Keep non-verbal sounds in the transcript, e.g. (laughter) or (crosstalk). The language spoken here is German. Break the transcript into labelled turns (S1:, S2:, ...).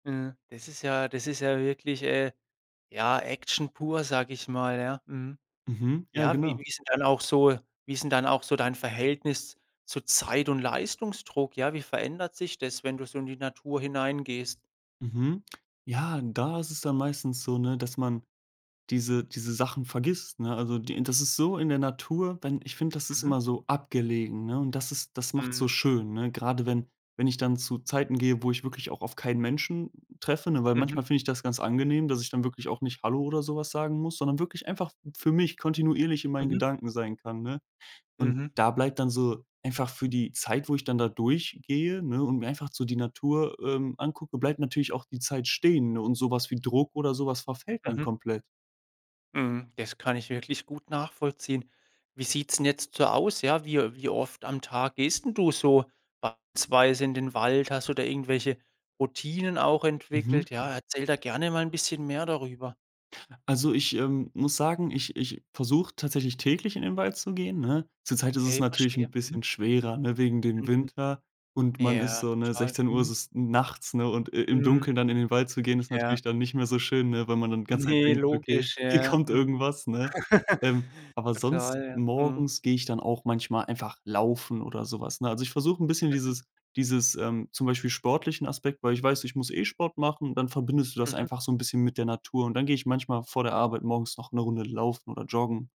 S1: Ja, das ist ja das ist ja wirklich, äh, ja, Action pur, sage ich mal, ja, mhm.
S2: Mhm, ja
S1: Ja, wie
S2: genau.
S1: wie ist 'n dann auch so wie ist 'n dann auch so dein Verhältnis zu Zeit und Leistungsdruck? Ja, wie verändert sich das, wenn du so in die Natur hinein gehst?
S2: Mhm, ja, da ist es dann meistens so, ne, dass man diese diese Sachen vergisst, ne? Also, die int das ist so in der Natur denn ich finde, das ist
S1: Mhm.
S2: immer so abgelegen, ne? Und das ist das macht's so
S1: Mhm, mhm.
S2: schön, ne? Grade wenn wenn ich dann zu Zeiten gehe, wo ich wirklich auch auf keinen Menschen treffe, ne? Weil
S1: Mhm.
S2: manchmal finde ich das ganz angenehm, dass ich dann wirklich auch nicht „hallo“ oder so was sagen muss, sondern wirklich einfach für mich kontinuierlich in meinen
S1: Mhm.
S2: Gedanken sein kann, ne? Und
S1: Mhm.
S2: da bleibt dann so, einfach für die Zeit, wo ich dann da durch gehe, ne, und mir einfach so die Natur, ähm, angucke, bleibt natürlich auch die Zeit stehen. Und so was wie Druck oder so was verfällt dann
S1: Mhm.
S2: komplett.
S1: Mhm, das kann ich wirklich gut nachvollziehen. Wie sieht's 'n jetzt so aus, ja? Wie, äh wie oft am Tag gehst 'n du so beispielsweise in den Wald? Hast du da irgendwelche Routinen auch
S2: Mhm.
S1: entwickelt? Ja, erzähl da gerne mal 'n bisschen mehr darüber.
S2: Also, ich, ähm, muss sagen, ich ich versuche tatsächlich täglich in den Wald zu gehen, ne? Zurzeit ist es
S1: Okay,
S2: natürlich
S1: verstehe,
S2: 'n
S1: mhm.
S2: bisschen schwerer, ne? Wegen dem
S1: Mhm.
S2: Winter und man ist
S1: Ja,
S2: so, ne,
S1: total,
S2: 16:00 ist
S1: mhm.
S2: es nachts, ne? Und i im
S1: Mhm,
S2: Dunkeln dann in den Wald zu gehen ist
S1: ja.
S2: natürlich dann nicht mehr so schön, ne? Weil man dann die ganze Zeit
S1: Ne
S2: denkt: „Okay,
S1: logisch,
S2: hier
S1: ja,
S2: kommt
S1: mhm.
S2: irgendwas“, ne? Ähm,
S1: (chuckles)
S2: aber sonst
S1: Total ja, mhm.
S2: morgens gehe ich dann auch manchmal einfach laufen oder so was, ne? Also, ich versuche 'n bisschen
S1: Mhm.
S2: dieses dieses, ähm zum Beispiel sportlichen Aspekt, weil ich weiß, ich muss, äh, Sport machen. Dann verbindest du das
S1: Mhm.
S2: einfach so 'n bisschen mit der Natur. Und dann gehe ich manchmal vor der Arbeit morgens noch 'ne Runde Laufen oder Joggen.